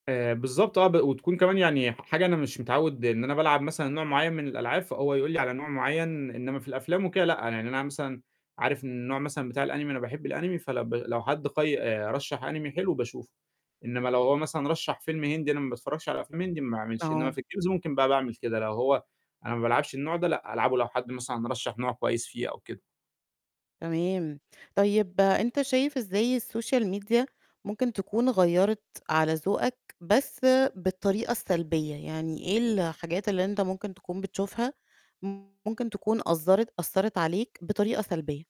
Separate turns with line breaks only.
آآ، بالضبط آه، ب وتكون كمان يعني ح حاجة أنا مش متعوّد إن أنا بالعب مثلًا نوع معيّن من الألعاب، فهو يقول لي على نوع معيّن، إنّما في الأفلام وكده لأ، يعني أنا مثلًا عارف إن النوع مثلًا بتاع الAnime أنا باحب الAnime، فلو ب لو حد قي آآ رشّح Anime حلو باشوفه، إنّما لو هو مثلًا رشّح فيلم هندي أنا ما باتفرّجش على أفلام هندي ما باعملش، إنّما
آه.
في الGames ممكن بقى باعمل كده لو هو أنا ما بالعبش النوع ده لأ، ألعبه لو حد مثلًا رشّح نوع كويس فيه أو كده.
تمام، طيب أنت شايف إزاي السوشيال ميديا ممكن تكون غيّرت على ذوقك بس بالطريقة السلبية، يعني إيه الحاجات اللي أنت ممكن تكون بتشوفها ممكن تكون أثّرت أثّرت عليك بطريقة سلبية؟